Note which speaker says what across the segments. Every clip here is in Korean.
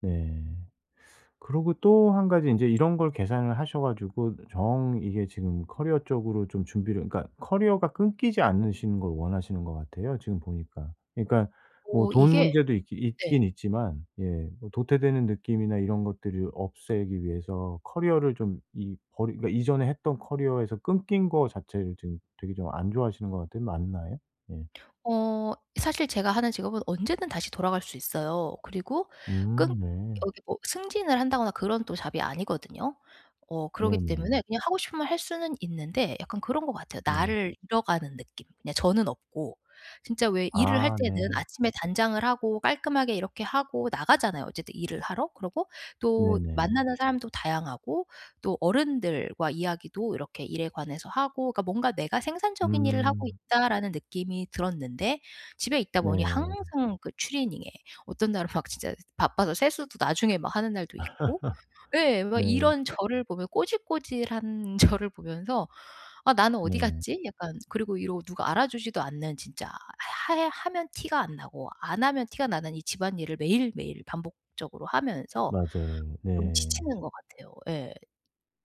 Speaker 1: 네. 그러고 또 1 가지 인제 이런 걸 계산을 하셔 가지고 정 이게 지금 커리어 쪽으로 좀 준비를 그러니까 커리어가 끊기지 않으시는 걸 원하시는 것 같아요, 지금 보니까. 그러니까 뭐
Speaker 2: 어
Speaker 1: 돈
Speaker 2: 이게
Speaker 1: 문제도 있기
Speaker 2: 네.
Speaker 1: 있긴 있지만 예 뭐 도태되는 느낌이나 이런 것들을 없애기 위해서 커리어를 좀 이 버리 그러니까 이전에 했던 커리어에서 끊긴 거 자체를 지금 되게 좀 안 좋아하시는 거 같아요. 맞나요? 예.
Speaker 2: 어 사실 제가 하는 직업은 언제든 다시 돌아갈 수 있어요. 그리고 끊
Speaker 1: 음 네.
Speaker 2: 여기 뭐 승진을 한다거나 그런 또 잡이 아니거든요. 어 그러기
Speaker 1: 네네.
Speaker 2: 때문에 그냥 하고 싶으면 할 수는 있는데 약간 그런 것 같아요,
Speaker 1: 네.
Speaker 2: 나를 잃어가는 느낌. 그냥 저는 없고. 진짜 왜 일을 할
Speaker 1: 아
Speaker 2: 때는
Speaker 1: 네.
Speaker 2: 아침에 단장을 하고 깔끔하게 이렇게 하고 나가잖아요, 어쨌든 일을 하러. 그러고 또
Speaker 1: 네네.
Speaker 2: 만나는 사람도 다양하고 또 어른들과 이야기도 이렇게 일에 관해서 하고 그러니까 뭔가 '내가 생산적인 일을 하고
Speaker 1: 음.
Speaker 2: 있다.'라는 느낌이 들었는데 집에 있다 보니
Speaker 1: 네.
Speaker 2: 항상 그 추리닝에 어떤 날은 막 진짜 바빠서 세수도 나중에 막 하는 날도 있고. 예. 막
Speaker 1: 네.
Speaker 2: 이런 저를 보며 꼬질꼬질한 저를 보면서 '아 나는 어디
Speaker 1: 네.
Speaker 2: 갔지?' 약간 그리고 이런 누가 알아주지도 않는 진짜 하 해 하면 티가 안 나고 안 하면 티가 나는 이 집안일을 매일매일 반복적으로 하면서
Speaker 1: 맞아요.
Speaker 2: 좀
Speaker 1: 네.
Speaker 2: 지치는 것 같아요. 예.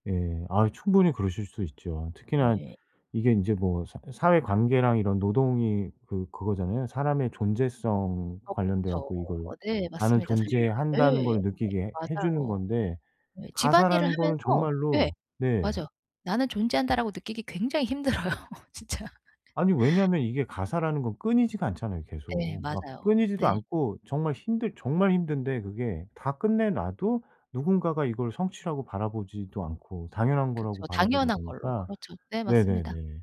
Speaker 1: 예. 아 충분히 그러실 수 있죠. 특히나
Speaker 2: 네.
Speaker 1: 이게 인제 뭐 사 사회관계랑 이런 노동이 그 그거잖아요. 사람의 존재성
Speaker 2: 어
Speaker 1: 관련돼
Speaker 2: 그렇죠. 어
Speaker 1: 갖고 이걸
Speaker 2: 네
Speaker 1: '나는
Speaker 2: 맞습니다. 사실
Speaker 1: 존재한다.'는
Speaker 2: 예
Speaker 1: 걸 느끼게 해 해주는
Speaker 2: 맞아요.
Speaker 1: 건데
Speaker 2: 네. 집안일을
Speaker 1: 가사라는 거는
Speaker 2: 하면서 예
Speaker 1: 정말로 네.
Speaker 2: 맞아요. '나는 존재한다.'라고 느끼기 굉장히 힘들어요 진짜.
Speaker 1: 아니 왜냐면 이게 가사라는 건 끊이지가 않잖아요,
Speaker 2: 예
Speaker 1: 계속. 막
Speaker 2: 맞아요.
Speaker 1: 끊이지도
Speaker 2: 네.
Speaker 1: 않고 정말 힘들 정말 힘든데 그게 다 끝내 놔도 누군가가 이걸 성취라고 바라보지도 않고 당연한 거라고
Speaker 2: 그쵸.
Speaker 1: 바라보는
Speaker 2: 당연한 걸로.
Speaker 1: 거니까
Speaker 2: 그렇죠. 네 맞습니다.
Speaker 1: 네네네.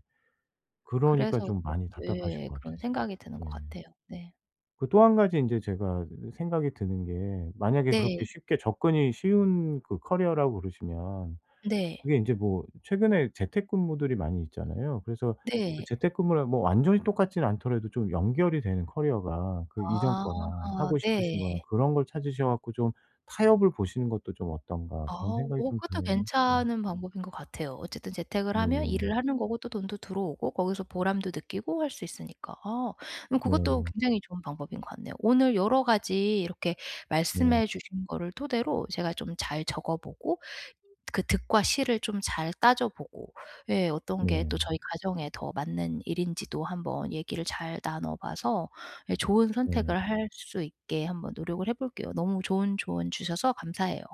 Speaker 1: 그러니까
Speaker 2: 그래서
Speaker 1: 좀
Speaker 2: 더
Speaker 1: 많이 답답하실
Speaker 2: 예
Speaker 1: 것 같아요,
Speaker 2: 그런 생각이 드는 것
Speaker 1: 진짜로. 예.
Speaker 2: 같아요. 네.
Speaker 1: 그 또 1 가지 인제 제가 이 생각이 드는 게 만약에 그렇게
Speaker 2: 네.
Speaker 1: 쉽게 접근이 쉬운 그 커리어라고 그러시면
Speaker 2: 네.
Speaker 1: 그게 인제 뭐 최근에 재택근무들이 많이 있잖아요. 그래서 그
Speaker 2: 네.
Speaker 1: 재택근무랑 뭐 완전히 똑같지는 않더라도 좀 연결이 되는 커리어가 그 이전 거랑
Speaker 2: 아
Speaker 1: 하고 싶으신
Speaker 2: 네.
Speaker 1: 거랑 그런 걸 찾으셔 갖고 좀 '타협을 보시는 것도 좀 어떤가.'
Speaker 2: 아.
Speaker 1: 그런 생각이
Speaker 2: 어
Speaker 1: 좀
Speaker 2: 그것도
Speaker 1: 드네요. 네.
Speaker 2: 괜찮은 방법인 것 같아요. 어쨌든 재택을 하면
Speaker 1: 네네.
Speaker 2: 일을 하는 거고 또 돈도 들어오고 거기서 보람도 느끼고 할 수 있으니까. 아. 음 그것도
Speaker 1: 네.
Speaker 2: 굉장히 좋은 방법인 것 같네요. 오늘 여러 가지 이렇게
Speaker 1: 네.
Speaker 2: 말씀해 주신 거를 토대로 제가 좀 잘 적어보고 이 그 득과 실을 좀 잘 따져보고 예 어떤 게 또
Speaker 1: 네.
Speaker 2: 저희 가정에 더 맞는 일인지도 한번 얘기를 잘 나눠봐서 예 좋은 선택을
Speaker 1: 네.
Speaker 2: 할 수 있게 한번 노력을 해 볼게요. 너무 좋은 조언 주셔서 감사해요.